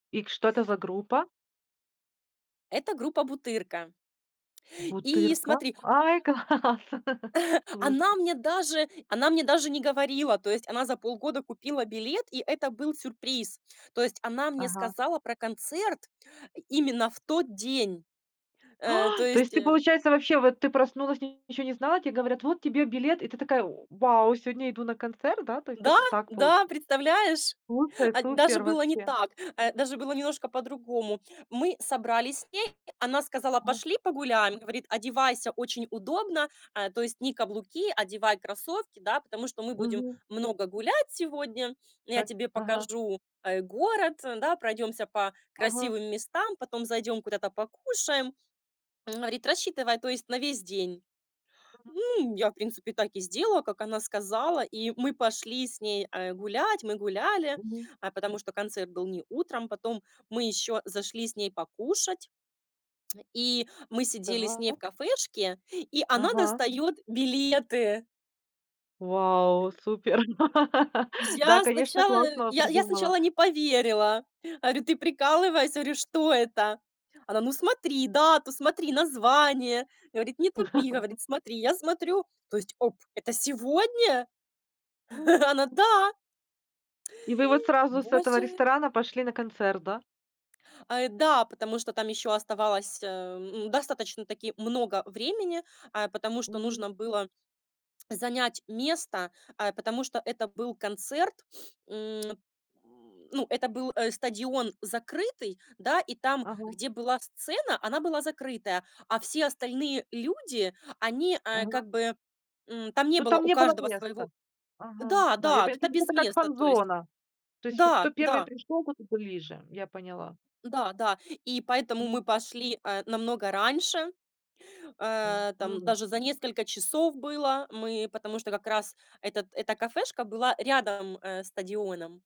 И к что это за группа? Это группа "Бутырка". И "Бутырка"? смотри Ой, класс, слушай. она мне даже она мне даже не говорила. То есть она за полгода купила билет, и это был сюрприз. То есть она мне Ага. сказала про концерт именно в тот день, э, то Ай! То есть, есть, ты э получается вообще, вот ты проснулась и ничего не знала, тебе говорят: "Вот тебе билет". И ты такая: "В вау, сегодня иду на концерт, да?" То есть, Да, так, так получ да, представляешь, Супер, а, даже супер, было не вообще. так, а, даже было немножко по-другому. Мы собрались с ней, она сказала: [unintelligible] "Пошли погуляем." Говорит: "Одевайся очень удобно, а, то есть не каблуки, одевай кроссовки, да, потому что мы будем Мгм. много гулять сегодня. Я Так. тебе Ага. покажу, э, город, да, пройдемся по Ага. красивым местам, потом зайдём куда-то покушаем." Говорит: "Рассчитывай, то есть, на весь день." [unintelligible] Ну, я, в принципе, так и сделала, как она сказала, и мы пошли с ней, э, гулять, мы гуляли, Мгм. а, потому что концерт был не утром. Потом мы ещё зашли с ней покушать и мы сидели с ней в Так. кафешке, и она Ага. достаёт билеты. Вау, супер. Да, Я конечно, сначала, классно вот я я придумала. сначала не поверила. Говорю: "Ты прикалываешься, говорю, что это?" Она: "Ну, смотри дату, смотри название. Говорит, не тупи, говорит, смотри." Я смотрю, то есть, оп, это сегодня? М. Она: "Да!". И вы вот сразу с этого Боже! ресторана пошли на концерт, да? А, да. Потому что там ещё оставалось, э, ну, достаточно-таки много времени, э, потому что Мгм. нужно было занять место, э, потому что это был концерт, м, ну, это был, э, стадион закрытый, да, и там, Ага. где была сцена, она была закрытая, а все остальные люди, они, а, Ага. как бы, м, там не Ну, было там у не было каждого своего. места. Ага, Да, да. Я да, пон то это есть, без это как места, то есть, фан-зона. То есть, кто да, 1 да. пришёл, тот и ближе. Я поняла. Да, да. И поэтому Мгм. мы пошли, э, намного раньше, э, там [unintelligible] даже за несколько часов было. Мы, потому что как раз этот, эта кафешка была рядом, э, стадионом.